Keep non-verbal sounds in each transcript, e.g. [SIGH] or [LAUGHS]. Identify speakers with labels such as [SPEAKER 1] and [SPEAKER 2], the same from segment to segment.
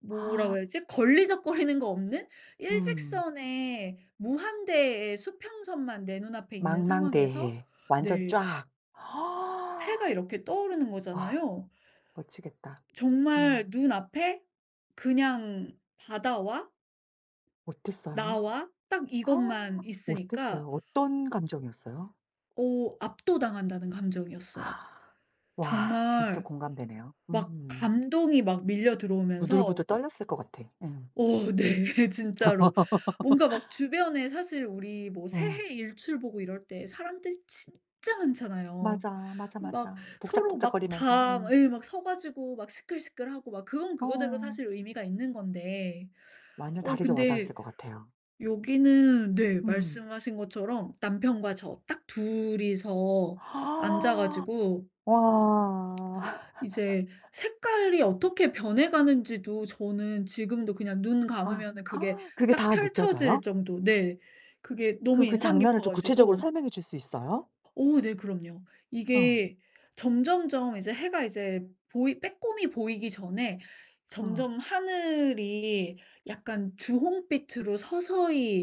[SPEAKER 1] 뭐라고 그래야지? 걸리적거리는 거 없는
[SPEAKER 2] 음.
[SPEAKER 1] 일직선의, 무한대의 수평선만 내 눈앞에 있는 상황에서
[SPEAKER 2] 망망대해 완전
[SPEAKER 1] 네.
[SPEAKER 2] 쫘악.
[SPEAKER 1] 해가
[SPEAKER 2] [INHALES]
[SPEAKER 1] 이렇게 떠오르는
[SPEAKER 2] 와
[SPEAKER 1] 거잖아요.
[SPEAKER 2] 멋지겠다.
[SPEAKER 1] 정말
[SPEAKER 2] 음.
[SPEAKER 1] 눈앞에 그냥 바다와
[SPEAKER 2] 어땠어요?
[SPEAKER 1] 나와 딱 이것만
[SPEAKER 2] [INHALES] 어땠어요?
[SPEAKER 1] 있으니까
[SPEAKER 2] 어떤 감정이었어요?
[SPEAKER 1] 어 압도당한다는 감정이었어요.
[SPEAKER 2] [INHALES] 와 진짜
[SPEAKER 1] 정말
[SPEAKER 2] 공감되네요.
[SPEAKER 1] 막
[SPEAKER 2] 음.
[SPEAKER 1] 감동이 막 밀려들어오면서
[SPEAKER 2] 부들부들
[SPEAKER 1] 그러니까
[SPEAKER 2] 떨렸을 거 같아. 응.
[SPEAKER 1] 어 네. 진짜로. 뭔가 막
[SPEAKER 2] [LAUGHS]
[SPEAKER 1] 주변에 사실 우리 뭐
[SPEAKER 2] 어.
[SPEAKER 1] 새해 일출 보고 이럴 때 사람들 진짜 많잖아요.
[SPEAKER 2] 맞아. 맞아,
[SPEAKER 1] 막
[SPEAKER 2] 맞아.
[SPEAKER 1] 서로 막
[SPEAKER 2] 복작복작하면서
[SPEAKER 1] 다 막
[SPEAKER 2] 응.
[SPEAKER 1] 으이 막 서 가지고 막 시끌시끌하고 막, 그건 그거대로
[SPEAKER 2] 어.
[SPEAKER 1] 사실 의미가 있는 건데
[SPEAKER 2] 완전
[SPEAKER 1] 어
[SPEAKER 2] 다르게
[SPEAKER 1] 근데
[SPEAKER 2] 와닿았을 것 같아요.
[SPEAKER 1] 여기는 네
[SPEAKER 2] 음.
[SPEAKER 1] 말씀하신 것처럼 남편과 저 딱 둘이서 앉아 가지고
[SPEAKER 2] [INHALES] 와.
[SPEAKER 1] 이제 색깔이 어떻게 변해
[SPEAKER 2] [LAUGHS]
[SPEAKER 1] 가는지도 저는 지금도 그냥 눈
[SPEAKER 2] 아
[SPEAKER 1] 감으면은 그게
[SPEAKER 2] [INHALES] 그게
[SPEAKER 1] 딱
[SPEAKER 2] 다
[SPEAKER 1] 펼쳐질
[SPEAKER 2] 느껴져요?
[SPEAKER 1] 정도 네. 그게 너무
[SPEAKER 2] 그 그
[SPEAKER 1] 인상
[SPEAKER 2] 장면을
[SPEAKER 1] 깊어
[SPEAKER 2] 좀 구체적으로
[SPEAKER 1] 가지고
[SPEAKER 2] 설명해 줄 수 있어요?
[SPEAKER 1] 어 네 그럼요.
[SPEAKER 2] 어.
[SPEAKER 1] 이게 점점점 이제 해가 이제 보이 빼꼼히 보이기 전에
[SPEAKER 2] 어.
[SPEAKER 1] 점점 하늘이 약간 주홍빛으로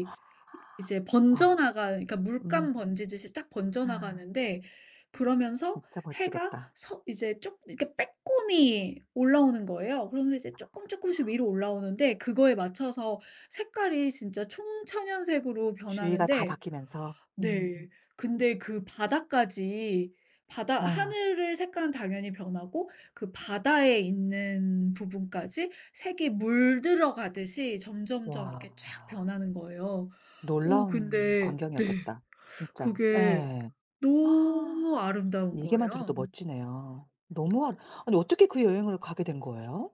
[SPEAKER 2] 어
[SPEAKER 1] 이제
[SPEAKER 2] 아. 와.
[SPEAKER 1] 번져나갈 그니까
[SPEAKER 2] 음.
[SPEAKER 1] 물감 번지듯이 쫙
[SPEAKER 2] 아.
[SPEAKER 1] 번져나가는데 그러면서
[SPEAKER 2] 진짜
[SPEAKER 1] 해가
[SPEAKER 2] 멋지겠다.
[SPEAKER 1] 서 이제 쪽 이렇게 빼꼼히 올라오는 거예요. 그러면서 이제 쪼끔쪼끔씩 위로 올라오는데 그거에 맞춰서 색깔이 진짜 총천연색으로
[SPEAKER 2] 주위가 다
[SPEAKER 1] 변하는데
[SPEAKER 2] 바뀌면서. 음.
[SPEAKER 1] 네. 근데 그 바다까지 바다
[SPEAKER 2] 아.
[SPEAKER 1] 하늘의 색깔은 당연히 변하고 그 바다에 있는 부분까지 색이 물들어 가듯이 점점점 이렇게
[SPEAKER 2] 와.
[SPEAKER 1] 쫘악 변하는 거예요. 어
[SPEAKER 2] 놀라운
[SPEAKER 1] 근데 네.
[SPEAKER 2] 광경이었겠다. 진짜.
[SPEAKER 1] 그게
[SPEAKER 2] 예.
[SPEAKER 1] 너무
[SPEAKER 2] 아
[SPEAKER 1] 아름다운
[SPEAKER 2] 얘기만 들어도
[SPEAKER 1] 거예요.
[SPEAKER 2] 멋지네요. 너무 아름 아니 어떻게 그 여행을 가게 된 거예요?